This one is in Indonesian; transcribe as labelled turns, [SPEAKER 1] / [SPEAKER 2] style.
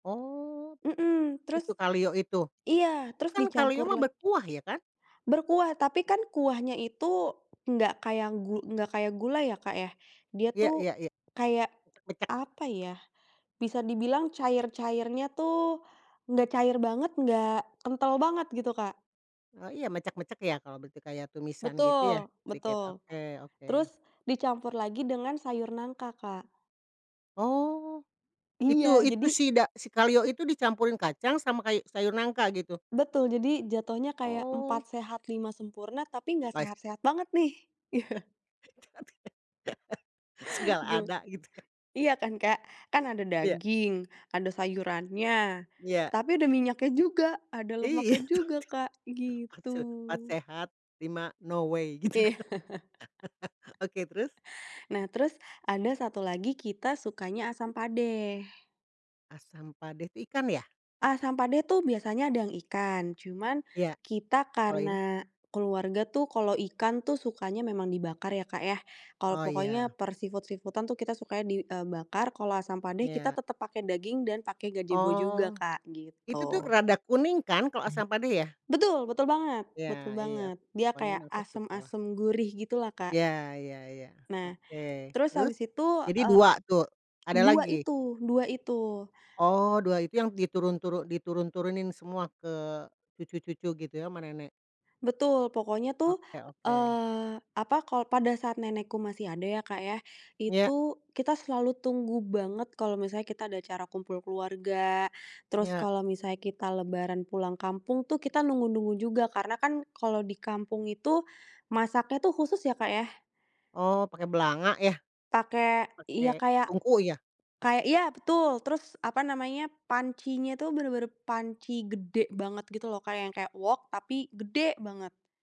[SPEAKER 1] Oh.
[SPEAKER 2] Mhm, terus
[SPEAKER 1] Itu kaleo itu?
[SPEAKER 2] iya,
[SPEAKER 1] Itu
[SPEAKER 2] terus
[SPEAKER 1] kan kaleo
[SPEAKER 2] dicampur
[SPEAKER 1] mah
[SPEAKER 2] la
[SPEAKER 1] berkuah ya kan?
[SPEAKER 2] Berkuah tapi kan kuahnya itu nggak kayak gu nggak kayak gulai ya Kak ya, dia
[SPEAKER 1] Iya
[SPEAKER 2] tuh
[SPEAKER 1] iya iya.
[SPEAKER 2] kayak
[SPEAKER 1] Mecek.
[SPEAKER 2] apa ya, bisa dibilang cair-cairnya tuh nggak cair banget, nggak kental banget gitu Kak.
[SPEAKER 1] Oh iya mecek-mecek ya kalau bege kayak tumisan gitu ya?
[SPEAKER 2] Betul,
[SPEAKER 1] Dikit
[SPEAKER 2] betul.
[SPEAKER 1] oke oke.
[SPEAKER 2] Terus dicampur lagi dengan sayur nangka Kak.
[SPEAKER 1] Oh. itu
[SPEAKER 2] Iya
[SPEAKER 1] itu
[SPEAKER 2] jadi
[SPEAKER 1] si da si kaleo itu dicampurin kacang sama kay sayur nangka gitu?
[SPEAKER 2] Betul jadi jatohnya kayak
[SPEAKER 1] Oh.
[SPEAKER 2] empat sehat lima sempurna tapi gak
[SPEAKER 1] Pais.
[SPEAKER 2] sehat-sehat banget nih.
[SPEAKER 1] Segala
[SPEAKER 2] Gima
[SPEAKER 1] ada gitu ya.
[SPEAKER 2] iya kan Kak. Kan ada
[SPEAKER 1] Iya.
[SPEAKER 2] daging, ada sayurannya
[SPEAKER 1] Iya.
[SPEAKER 2] tapi ada minyaknya juga, ada lemaknya
[SPEAKER 1] Iya betul
[SPEAKER 2] juga Kak,
[SPEAKER 1] tuh. Empat
[SPEAKER 2] gitu.
[SPEAKER 1] se empat sehat, lima no way gitu kan, oke terus?
[SPEAKER 2] Nah terus ada satu lagi kita sukanya asam padeh.
[SPEAKER 1] Asam padeh itu ikan ya?
[SPEAKER 2] Asam padeh tuh biasanya ada yang ikan, cuman
[SPEAKER 1] Iya.
[SPEAKER 2] kita
[SPEAKER 1] Kalau ini?
[SPEAKER 2] karena keluarga tuh kalau ikan tuh sukanya memang dibakar ya Kak ya, kalau
[SPEAKER 1] Oh
[SPEAKER 2] pokoknya
[SPEAKER 1] iya.
[SPEAKER 2] per seafood-seafood-an tuh kita sukanya di e bakar, kalau asam padeh kita
[SPEAKER 1] Iya.
[SPEAKER 2] tetep pake daging dan pake gajebo juga
[SPEAKER 1] Oh.
[SPEAKER 2] Kak,
[SPEAKER 1] Itu tuh
[SPEAKER 2] gitu
[SPEAKER 1] rada kuning kan kalau asam padeh ya?
[SPEAKER 2] Betul betul banget
[SPEAKER 1] Iya
[SPEAKER 2] betul
[SPEAKER 1] iya,
[SPEAKER 2] banget, dia
[SPEAKER 1] pokoknya
[SPEAKER 2] kayak
[SPEAKER 1] mah aku suka lah.
[SPEAKER 2] asem-asem gurih gitu lah Kak.
[SPEAKER 1] Iya iya iya
[SPEAKER 2] Nah,
[SPEAKER 1] oke.
[SPEAKER 2] terus
[SPEAKER 1] Terus
[SPEAKER 2] habis itu
[SPEAKER 1] jadi
[SPEAKER 2] e
[SPEAKER 1] 2 tuh ada
[SPEAKER 2] dua
[SPEAKER 1] lagi?
[SPEAKER 2] itu dua itu.
[SPEAKER 1] Oh 2 itu yang diturun turu diturun-turunin semua ke cucu-cucu gitu sama nenek?
[SPEAKER 2] Betul pokoknya tuh,
[SPEAKER 1] Oke oke.
[SPEAKER 2] eee, apa ko pada saat nenekku masih ada ya Kak ya,
[SPEAKER 1] Iya.
[SPEAKER 2] itu kita selalu tunggu banget kalau misalnya kita ada acara kumpul keluarga, terus
[SPEAKER 1] Iya.
[SPEAKER 2] kalau misalnya kita lebaran pulang kampung tuh kita nunggu-nunggu juga, karena kan kalau di kampung itu masaknya tuh khusus ya Kak ya.
[SPEAKER 1] Oh pakai belanga ya?
[SPEAKER 2] Pakai, iya
[SPEAKER 1] Pakai
[SPEAKER 2] kayak
[SPEAKER 1] tungku ya?
[SPEAKER 2] kayak iya betul, terus apa namanya, pancinya tuh bener-bener panci gede banget gitu loh kayak yang kayak wok tapi gede banget.